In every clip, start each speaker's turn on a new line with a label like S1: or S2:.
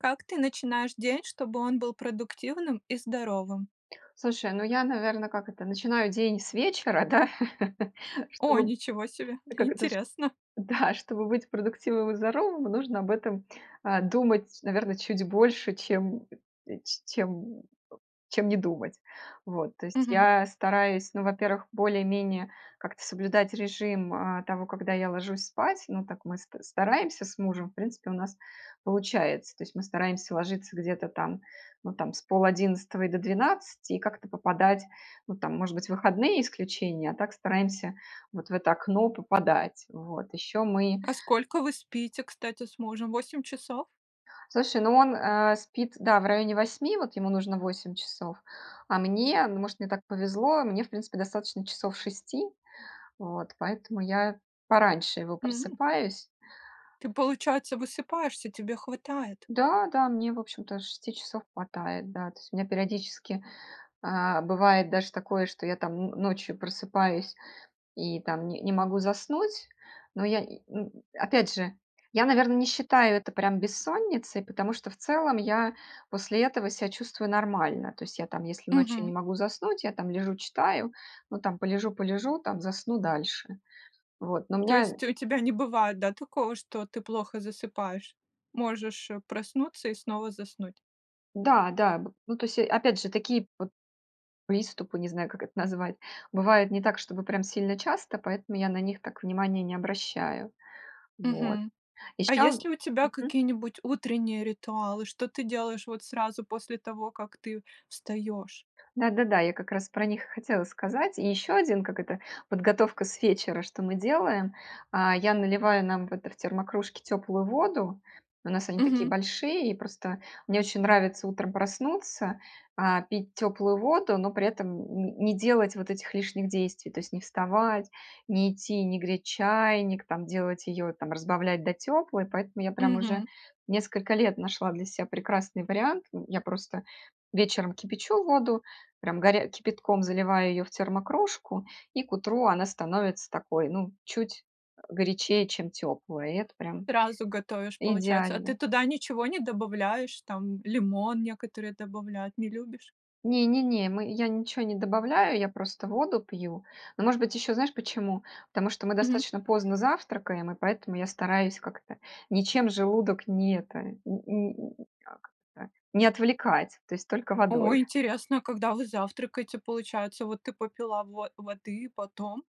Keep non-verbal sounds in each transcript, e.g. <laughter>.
S1: Как ты начинаешь день, чтобы он был продуктивным и здоровым?
S2: Слушай, ну, я, наверно, как это, начинаю день с вечера, да. <chuckles>
S1: О,
S2: Чтоб,
S1: ничего себе!
S2: как это, ш
S1: Интересно!
S2: да. Чтобы быть продуктивным и здоровым нужно об этом, э, думать, наверно, чуть больше, чем <grunts> ч чем чем не думать. Вот. То есть
S1: Мгм.
S2: я стараюсь, ну, во-первых, более-менее как-то соблюдать режим, э, того, когда я ложусь спать. Ну, так мы ст стараемся с мужем. В принципе у нас получается. То есть мы стараемся ложиться где-то там, ну, там, с пол-одиннадцатого и до двенадцати и как-то попадать. Ну там, может быть, выходные исключение, а так стараемся вот в это окно попадать, вот. Еще мы
S1: А сколько вы спите, кстати, с мужем, 8 часов?
S2: Слушай, ну он, э, спит, да, в районе 8, вот ему нужно 8 часов. А мне, ну, может, мне так повезло, мне в принципе достаточно часов 6, вот. Поэтому я пораньше его
S1: М!
S2: просыпаюсь.
S1: Ты, получается, высыпаешься, тебе хватает?
S2: Да, да, мне, в общем-то, 6 часов хватает, да. То есть у меня периодически, э, бывает даже такое, что я, там, н ночью просыпаюсь и, там, ни не могу заснуть. Но я и, м Опять же, я, наверно, не считаю это прям бессонницей, потому что в целом я после этого себя чувствую нормально. То есть я, там, если ночью
S1: Мгм.
S2: не могу заснуть, я, там, лежу читаю, ну, там, полежу, полежу, там, засну дальше. Вот, но у
S1: То
S2: меня
S1: есть у тебя не бывает, да, такого, что ты плохо засыпаешь? Можешь, э, проснуться и снова заснуть.
S2: Да-да. Б ну, то есть, э, опять же такие п приступы, не знаю, как это назвать, бывает не так, чтобы прям сильно часто, поэтому я на них так внимания не обращаю. Вот.
S1: Мгм. А есть
S2: Ещё
S1: ли у тебя
S2: Мгм.
S1: какие-нибудь утренние ритуалы, что ты делаешь вот сразу после того, как ты встаёшь?
S2: Да-да-да, я как раз про них и хотела сказать. И ещё один, как это, подготовка с вечера, что мы делаем. А, я наливаю нам в это в термокружки теплую воду. У нас они такие
S1: Мгм.
S2: большие. И просто мне очень нравится утром проснуться, а, пить теплую воду, но при этом н н не делать вот этих лишних действий, то есть: не вставать, не идти, не греть чайник, там делать её, там разбавлять до теплой. Поэтому я прям уже
S1: Мгм.
S2: несколько лет нашла для себя прекрасный вариант. М, я просто вечером кипячу воду, прям горя кипятком заливаю её в термокружку, и к утру она становится такой, ну, чуть, э, горячее, чем тёплая. И это прям
S1: Сразу готовишь, получается. А ты
S2: идеально.
S1: туда ничего не добавляешь? Там лимон некоторые добавляют, не любишь?
S2: Не не не, мы я ничего не добавляю, я просто воду пью. Ну, может быть, ещё знаешь почему? Потому что мы
S1: Мгм.
S2: достаточно поздно завтракаем, и поэтому я стараюсь как-то ничем желудок ни это, м м м, как-то не отвлекать, то есть только
S1: О,
S2: водой.
S1: интересно, когда вы завтракаете, получается? Вот ты попила во воды и потом?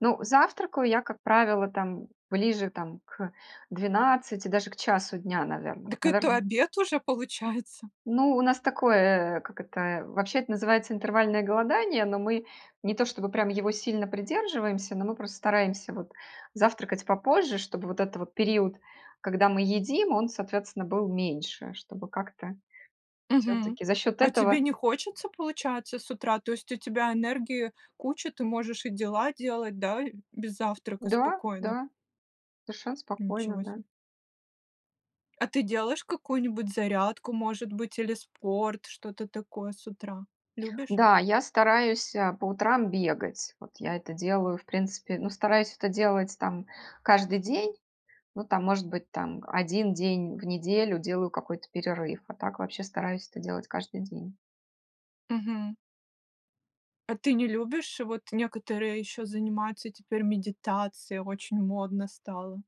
S2: Ну, завтракаю я, как правило, там ближе, там, к 12, даже к часу дня, наверно. Вот,
S1: Дак, это
S2: наверно
S1: обед уже получается!
S2: Ну, у нас такое, э, э, как это, вообще это называется интервальное голодание, но мы не то чтобы прям его сильно придерживаемся, но мы просто стараемся вот завтракать попозже, чтобы вот этот вот период, когда мы едим, он, соответственно, был меньше, чтобы как-то
S1: Мгм.
S2: всё-таки за счет
S1: А тебе
S2: этого
S1: не хочется, получается, с утра? То есть у тебя энергии куча, ты можешь и дела делать, да? И без завтрака
S2: Да,
S1: спокойно.
S2: да, совершенно спокойно.
S1: Ничего
S2: Да.
S1: се. А ты делаешь какую-нибудь зарядку, может быть, или спорт, что-то такое с утра? Любишь?
S2: Да, я стараюсь, э, по утрам бегать. Вот я это делаю, в принципе ну, стараюсь это делать там каждый день, ну, там, может быть, там 1 день в неделю делаю какой-то перерыв, а так вообще стараюсь это делать каждый день.
S1: Мгм. А ты не любишь? Вот некоторые ещё занимаются теперь медитацией, очень модно стало.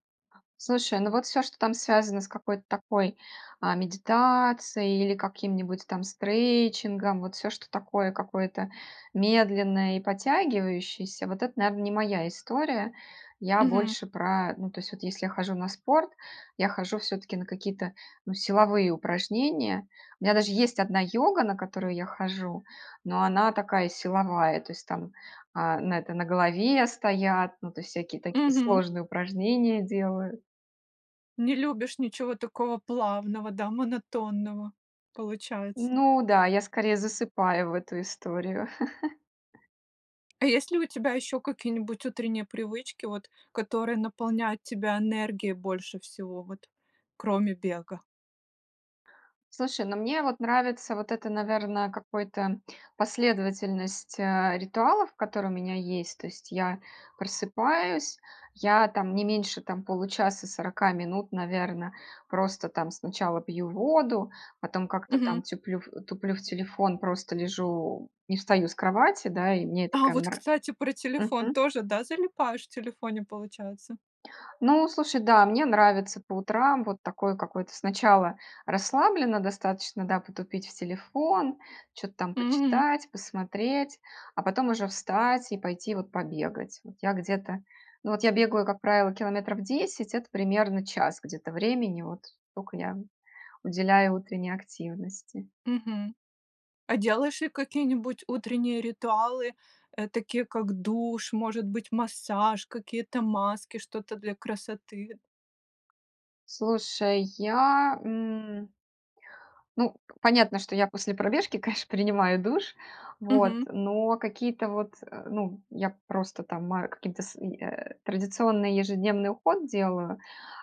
S2: Слушай, ну вот всё, что там связано с какой-то такой, а, медитацией или каким-нибудь там стрейчингом, вот всё, что такое какое-то медленное и потягивающееся, вот это, наверное, не моя история. Я
S1: Мгм.
S2: больше про Ну, то есть вот если я хожу на спорт, я хожу всё-таки на какие-то, ну, силовые упражнения. У меня даже есть одна йога, на которую я хожу, но она такая силовая. То есть там, а, на это на голове стоят, ну, то есть всякие такие
S1: Мгм.
S2: сложные упражнения делаю.
S1: Не любишь ничего такого плавного, да, монотонного, получается.
S2: Ну да, я, скорее, засыпаю в эту историю. <chuckles>
S1: А если у тебя еще какие-нибудь утренние привычки, вот, которые наполняют тебя энергией больше всего, вот, кроме бега?
S2: Слушай, ну, мне, вот, нравится вот это, наверное, какой-то последовательность, а, ритуалов, которые у меня есть. То есть я просыпаюсь, я, там, не меньше, там, получаса- 40 минут, наверно, просто, там, сначала пью воду, потом как-то,
S1: Мгм.
S2: там, тюплю туплю в телефон, просто лежу, не встаю с кровати, да, и мне это,
S1: А,
S2: прям,
S1: вот,
S2: нр
S1: кстати, про телефон
S2: мгм.
S1: тоже, да, залипаешь в телефоне, получается?
S2: Ну, слушай, да, мне нравится по утрам вот такой какой-то сначала расслабленно достаточно, да, потупить в телефон, чё-то там
S1: Мгм.
S2: почитать, посмотреть, а потом уже встать и пойти, вот, побегать, вот. Я где-то, ну вот, я бегаю, как правило, километров 10. Это, примерно, час где-то времени, вот столько я уделяю утренней активности.
S1: Мгм. А делаешь ли какие-нибудь утренние ритуалы, э, такие как душ, может быть, массаж, какие-то маски, что-то для красоты?
S2: Слушай, я, м ну, понятно, что я после пробежки, конечно, принимаю душ, вот,
S1: Мгм.
S2: но какие-то вот, э, ну, я просто там ма каким-то с и э, традиционный ежедневный уход делаю,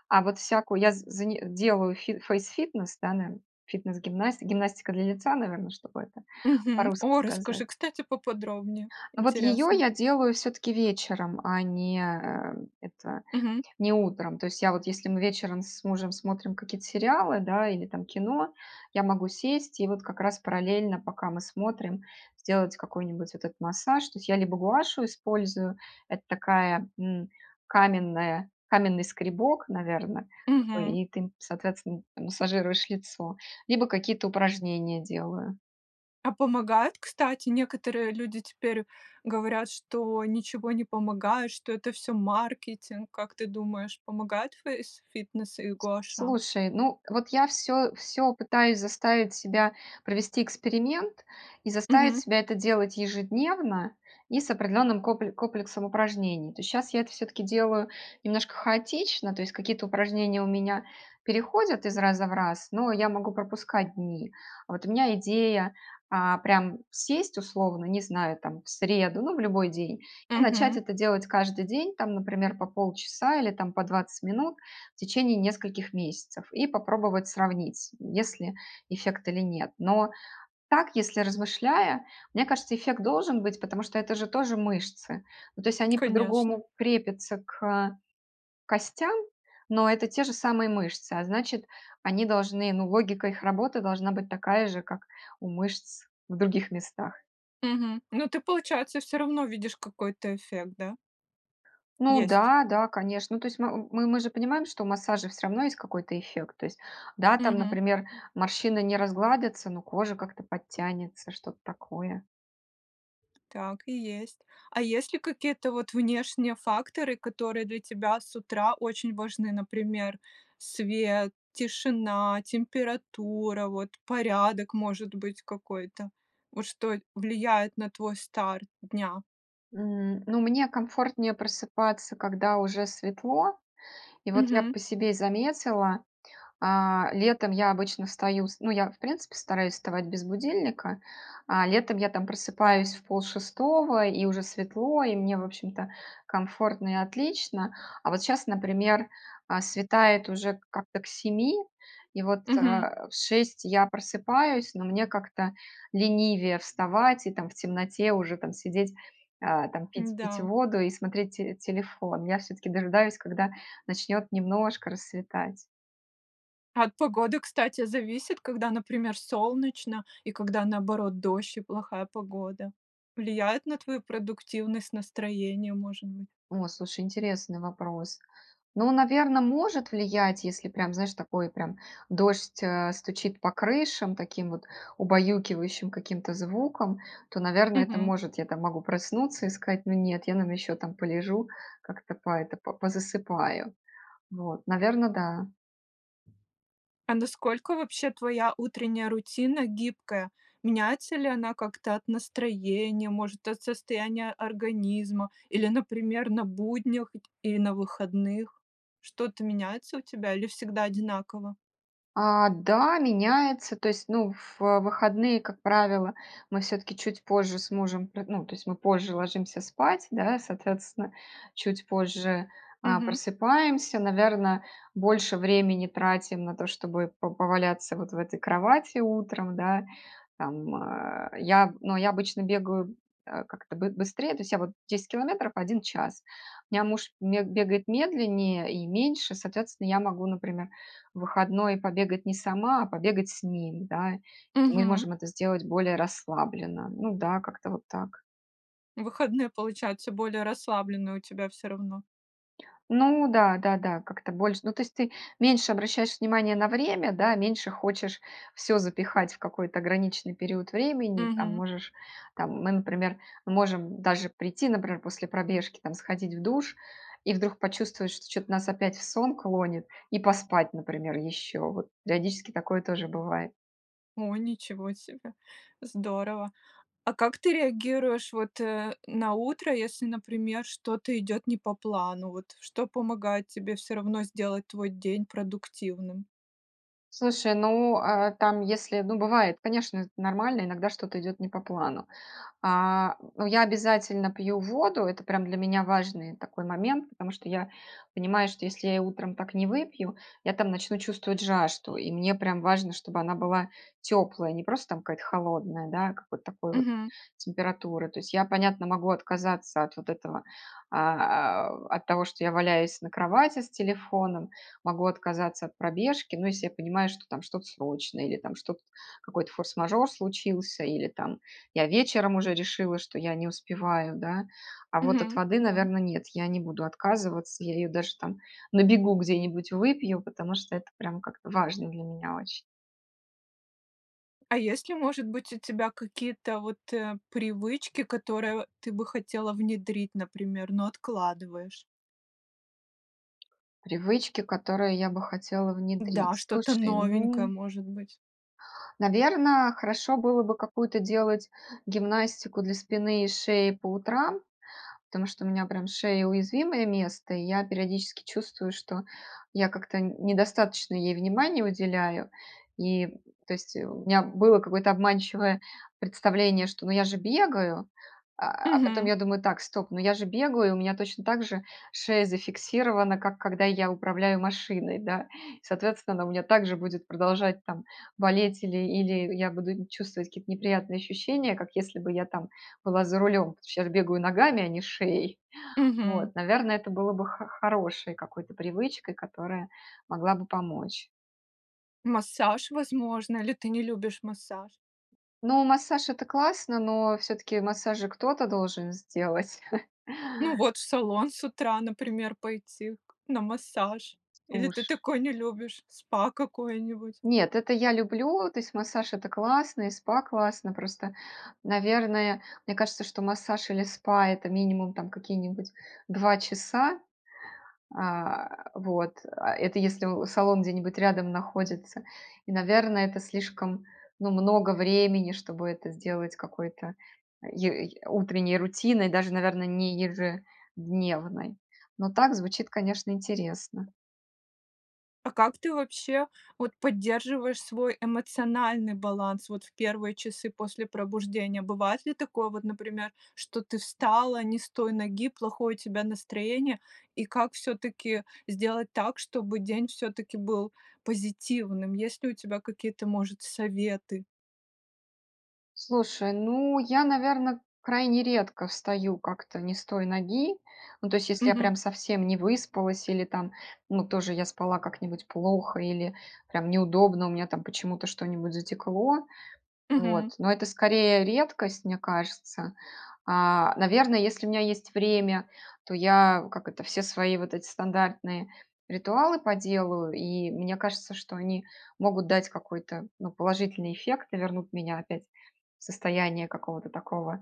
S2: а вот всякую я з зани делаю фи фейсфитнес, да, нен, фитнес гимнасти гимнастика для лица, наверное, чтобы это
S1: Мгм.
S2: по-русски
S1: О,
S2: сказать.
S1: расскажи, кстати, поподробнее.
S2: Ну вот её
S1: Интересно.
S2: я делаю всё-таки вечером, а не, э, это
S1: Мгм.
S2: не утром. То есть я вот— если мы вечером с мужем смотрим какие-то сериалы, да, или, там, кино— я могу сесть и вот как раз параллельно, пока мы смотрим, сделать какой-нибудь вот этот массаж. То есть я либо гуаша использую, это такая, м, каменная каменный скребок, наверно, такой,
S1: Мгм.
S2: и ты им, соответственно, м массажируешь лицо, либо какие-то упражнения делаю.
S1: А помогает, кстати? Некоторые люди теперь говорят, что ничего не помогает, что это всё маркетинг. Как ты думаешь, помогает фейсфитнес и
S2: С
S1: гуаша?
S2: слушай, ну вот, я всё всё пытаюсь заставить себя провести эксперимент и заставить
S1: Мгм.
S2: себя это делать ежедневно и с определенным копле комплексом упражнений. То есть щас я это всё-таки делаю немножко хаотично, то есть какие-то упражнения у меня переходят из раза в раз, но я могу пропускать дни. Вот у меня идея- а, прям сесть, условно, не знаю, там, в среду, ну, в любой день и начать
S1: Мгм.
S2: это делать каждый день, там, например, по полчаса или, там, по 20 минут в течение нескольких месяцев, и попробовать сравнить, есть ли эффект или нет. Но так, если размышляя, мне кажется, эффект должен быть, потому что это же тоже мышцы. Ну, то есть они
S1: Конечно.
S2: по-другому крепятся к костям, но это те же самые мышцы, а значит, они должны, ну, логика их работы должна быть такая же, как у мышц в других местах.
S1: Мгм. Ну ты, получается, всё равно видишь какой-то эффект, да?
S2: Ну
S1: Есть.
S2: да, да, конечно. Ну, то есть, м мы мы же понимаем, что у массажа всё равно есть какой-то эффект. То есть, да, там,
S1: Мгм.
S2: например, морщины не разгладятся, но кожа как-то подтянется, что-то такое.
S1: Так и есть. А есть ли какие-то вот внешние факторы, которые для тебя с утра очень важны, например: свет, тишина, температура, вот, порядок, может быть, какой-то? Вот что влияет на твой старт дня?
S2: М, ну, мне комфортнее просыпаться, когда уже светло. И вот я
S1: Мгм.
S2: по себе заметила, а, летом я обычно встаю с ну, я, в принципе, стараюсь вставать без будильника, а, летом я, там, просыпаюсь в полшестого, и уже светло, и мне, в общем-то, комфортно и отлично. А, вот, щас, например, а, светает уже как-то к 7, и, вот, э,
S1: Мгм.
S2: в 6 я просыпаюсь, но мне как-то ленивее вставать и, там, в темноте уже, там, сидеть, а, там, пить пить
S1: М-да.
S2: воду и смотреть те телефон. Я все-таки дожидаюсь, когда начнет немножко рассветать.
S1: А от погоды, кстати, зависит, когда, например, солнечно и когда, наоборот, дождь и плохая погода? Влияет на твою продуктивность, настроение, может быть
S2: О, слушай, интересный вопрос. Ну, наверно, может влиять, если, прям, знаешь, такой, прям, дождь, э, стучит по крышам таким вот убаюкивающим каким-то звуком, то, наверно, это
S1: Мгм.
S2: может. Я, там, могу проснуться и сказать: "Но нет, я, наверно, еще, там, полежу, как это по это, по позасыпаю". Вот, наверно, да.
S1: А насколько, вообще, твоя утренняя рутина гибкая? Меняется ли она как-то от настроения, может, от состояния организма или, например, на буднях или на выходных? Что-то меняется у тебя или всегда одинаково?
S2: А, да, меняется. То есть, ну, в выходные, как правило, мы все-таки чуть позже с мужем пр ну, то есть мы позже ложимся спать, да, соответственно, чуть позже, а,
S1: Мгм.
S2: просыпаемся, наверно, больше времени тратим на то, чтобы по поваляться вот в этой кровати утром, да. Там, э, я, ну, я обычно бегаю, э, как-то бы быстрее, то есть я, вот, 10 километров 1 час. У меня муж ме бегает медленнее и меньше, соответственно, я могу, например, в выходной побегать не сама, а побегать с ним, да. Мы
S1: Мгм.
S2: можем это сделать более расслабленно. Ну да, как-то вот так.
S1: Выходные получаются более расслабленные у тебя всё равно.
S2: Ну да, да, да, как-то больше, ну, то есть, ты меньше обращаешь внимание на время, да, меньше хочешь всё запихать в какой-то ограниченный период времени. Там,
S1: Мгм.
S2: можешь, там, мы, например, мы можем даже прийти, например, после пробежки, там, сходить в душ и вдруг почувствовать, что чё-то нас опять в сон клонит и поспать, например, ещё. Вот, периодически такое тоже бывает.
S1: О, ничего себе! Здорово! А как ты реагируешь, вот, э, на утро, если, например, что-то идёт не по плану? Вот, что помогает тебе всё равно сделать твой день продуктивным?
S2: Слушай, ну, э, там, если, ну, бывает, конечно, это нормально, иногда что-то идёт не по плану. А, ну, я обязательно пью воду, это, прям, для меня важный такой момент. Потому что я понимаю, что если я и утром так не выпью, я, там, начну чувствовать жажду. И мне прям важно, чтобы она была тёплая, не просто там какая-то холодная, да, а какой-то такой вот
S1: Мгм.
S2: температуры. То есть я, понятно, могу отказаться от вот этого, а э от того, что я валяюсь на кровати с телефоном, могу отказаться от пробежки, ну, если я понимаю, что там что-то срочное или, там, что-т какой-то форс-мажор случился, или, там, я вечером уже решила, что я не успеваю, да. А вот от
S1: Мгм,
S2: воды,
S1: да.
S2: наверно, нет, я не буду отказываться, я её даже, там, на бегу где-нибудь выпью, потому что это, прям, как-то важно для меня очень.
S1: А есть ли, может быть, у тебя какие-то вот, э, привычки, которые ты бы хотела внедрить, например, но откладываешь?
S2: Привычки, которые я бы хотела
S1: Да,
S2: внедрить.
S1: что-то
S2: Слушай,
S1: новенькое,
S2: ну
S1: может быть.
S2: Наверно, хорошо было бы какую-то делать гимнастику для спины и шеи по утрам, потому что у меня, прям, шея- уязвимое место, и я периодически чувствую, что я как-то недостаточно ей внимания уделяю. И, то есть у меня было какое-то обманчивое представление, что, ну, я же бегаю, а а, потом
S1: Мгм.
S2: я думаю: "Так, стоп, ну, я же бегаю, у меня точно так же шея зафиксирована, как когда я управляю машиной, да". Соответственно, у меня так же будет продолжать там болеть или или я буду нь чувствовать какие-то неприятные ощущения, как если бы я там была за рулем, а щас бегаю ногами, а не шеей.
S1: Мгм.
S2: Вот, наверное, это было бы хо хорошей какой-то привычкой, которая могла бы помочь.
S1: Массаж, возможно, или ты не любишь массаж?
S2: Ну, массаж- это классно, но всё-таки массаж кто-то должен сделать. <chuckles>
S1: Ну, вот, в салон с утра, например, пойти к на массаж. Или
S2: Слуш
S1: ты такое не любишь? Спа какое-нибудь?
S2: Нет, это я люблю. То есть, массаж- это классно и спа классно. Просто, наверное, мне кажется, что массаж или спа- это, минимум, там, какие-нибудь 2 часа. А, вот, а это если у салон где-нибудь рядом находится. И, наверное, это слишком, ну, много времени, чтобы это сделать какой-то е й утренней рутиной, даже наверно не ежедневной. Но так звучит, конечно, интересно.
S1: А как ты, вообще вот, поддерживаешь свой эмоциональный баланс, вот, в первые часы после пробуждения? Бывает ли такое, вот, например, что ты встала не с той ноги, плохое у тебя настроение, и как всё-таки сделать так, чтобы день всё-таки был позитивным, есть ли у тебя какие-то, может, советы?
S2: Слушай, ну, я, наверно, крайне редко встаю как-то не с той ноги, ну, то есть если я
S1: Мгм.
S2: прям совсем не выспалась, или, там, ну, тоже я спала как-нибудь плохо или прям неудобно, у меня, там, почему-то что-нибудь затекло.
S1: Мгм.
S2: Вот. Но это, скорее, редкость, мне кажется. А, наверно, если у меня есть время, то я, как это, все свои вот эти стандартные ритуалы поделаю, и мне кажется, что они могут дать какой-то, ну, положительный эффект и вернут меня опять в состояние какого-то такого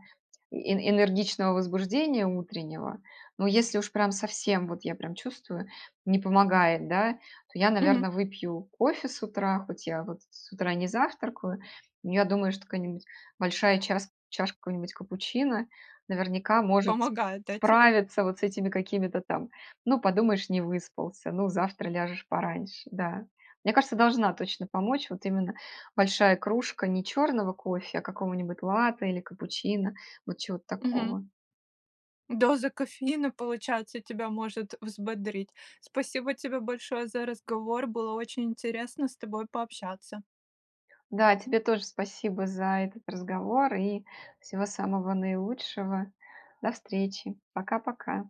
S2: э энергичного возбуждения утреннего. Но если уж прям совсем, вот я прям чувствую, не помогает, да, то я,
S1: Мгм.
S2: наверно, выпью кофе с утра, хоть я, вот, с утра не завтракаю. Но я думаю, что какая-нибудь большая час чашка какого-нибудь капучино, наверняка, может с
S1: Помогает, да, тебе?
S2: справиться вот с этими какими-то там: "Ну, подумаешь, не выспался, ну, завтра ляжешь пораньше", да. Мне кажется, должна точно помочь, вот именно, большая кружка не черного кофе, а какого-нибудь латте или капучино, вот чего-то
S1: Мгм.
S2: такого.
S1: Доза кофеина, получается, тебя может взбодрить. Спасибо тебе большое за разговор, было очень интересно с тобой пообщаться.
S2: Да, тебе тоже спасибо за этот разговор и всего самого наилучшего. До встречи. Пока-пока.